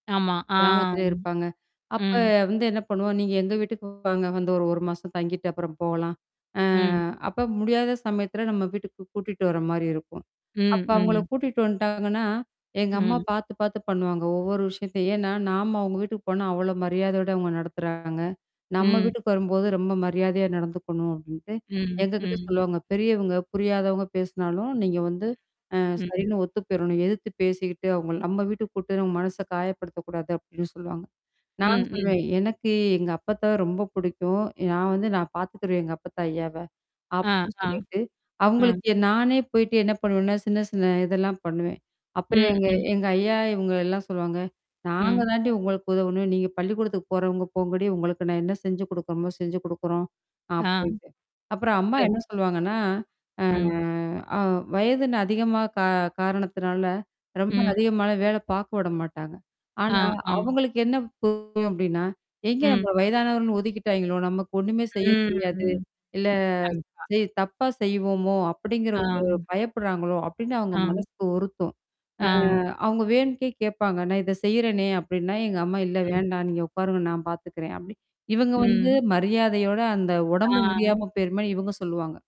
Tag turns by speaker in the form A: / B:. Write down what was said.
A: ஆமா, ஆ.
B: கிராமத்தில இருப்பாங்க. அப்ப
A: ம்.
B: வந்து என்ன பண்ணுவோம், நீங்க எங்க வீட்டுக்கு வாங்க வந்து ஒரு ஒரு மாசம் தங்கிட்டு அப்புறம் போலாம். அ
A: ம்.
B: அப்ப முடியாத சமயத்துல நம்ம வீட்டுக்கு கூட்டிட்டு வர மாரி இருக்கும்.
A: ம்
B: அப்ப அவங்கள
A: ம்.
B: கூட்டிட்டு வந்துட்டாங்கன்னா, எங்க அம்மா
A: ம்.
B: பாத்து பாத்து பண்ணுவாங்க, ஒவ்வொரு விஷயத்தையும், ஏன்னா நாம அவங்க வீட்டுக்கு போனா அவ்ளோ மரியாதையோட அவங்க நடத்துறாங்க. நம்ம
A: ம்.
B: வீட்டுக்கு வரும்போது ரொம்ப மரியாதையா நடந்துக்கணும் அப்டின்ட்டு,
A: ம்
B: எங்ககிட்ட
A: ம்.
B: சொல்லுவாங்க பெரியவங்க, புரியாதவங்க பேசினாலும் நீங்க வந்து அ
A: ம்.
B: சரின்னு ஒத்து போயிடணும், எதிர்த்து பேசிக்கிட்டு அவங்கள நம்ம வீட்டுக்கு குப்ட்டு நம்ம மனச காயப்படுத்தக்கூடாது அப்டின்னு சொல்லுவாங்க. நான்
A: ம் ம்.
B: சொல்வேேன், எனக்கு எங்க அப்பத்த ரொம்ப படிக்கும். நான் வந்து நான் பாத்துக்குருவேன் எங்க அப்பத்த ஐயாவ,
A: ஆ
B: அப்டின்னு
A: ஆ,
B: சொல்லிட்டு,
A: அ.
B: அவங்களுக்கு நானே போயிடு என்ன பண்ணுவேன்னா, சின்ன சின்ன இதெல்லாம் பண்ணுவேன். அப்புறம்
A: ம்
B: எங்க
A: ம்.
B: எங்க ஐயா இவங்க எல்லாம் சொல்லுவாங்க, நாங்க
A: ம்.
B: தாண்டி உங்களுக்கு உதவணும். நீங்க பள்ளிக்கூடத்துக்கு போறவங்க போங்காடி உங்களுக்கு நான் என்ன செஞ்சு குடுக்குறோமோ செஞ்சு குடுக்குறோம். அ
A: ஆ.
B: போயிட்டு. அப்புறம் அம்மா என்ன
A: சேரி.
B: சொல்லுவாங்கன்னா,
A: ம்.
B: அ வயதுனு அதிகமா கா காரணத்தினால, ரொம்ப
A: ம்.
B: அதிகமான வேல பாக்க விட மாட்டாங்க.
A: ஆ
B: ஆனா,
A: ஆ.
B: அவங்களுக்கு என்ன புரியும் அப்டின்னா, எங்க
A: ம்.
B: நம்ம வயதானவன்னு ஒதுக்கிட்டாங்களோ? நமக்கு ஒண்ணுமே செய்ய
A: ம்
B: தெரியாது,
A: ம்.
B: இல்ல
A: கண்டிப்பா.
B: செய் தப்பா செய்வோமோ அப்டிங்கிற
A: ஆ.
B: ஒரு பயப்படுறாங்களோ! அப்படின்னு அவங்க
A: ஆ.
B: மனசுக்கு உருத்தும். அ
A: ஆ.
B: அவங்க வேணும்னுட்டே கேட்பாங்க. நான் இத செய்றேனே அப்டின்னா, எங்க அம்மா இல்ல
A: ம்.
B: வேண்டாம் நீங்க உட்காருங்க நான் பாத்துக்கிறேன். அப்டி இவங்க வந்து
A: ம்.
B: மரியாதயோட அந்த உடம்பு
A: ஆ.
B: முடியாம போயிருமேன்னு இவங்க சொல்லுவாங்க.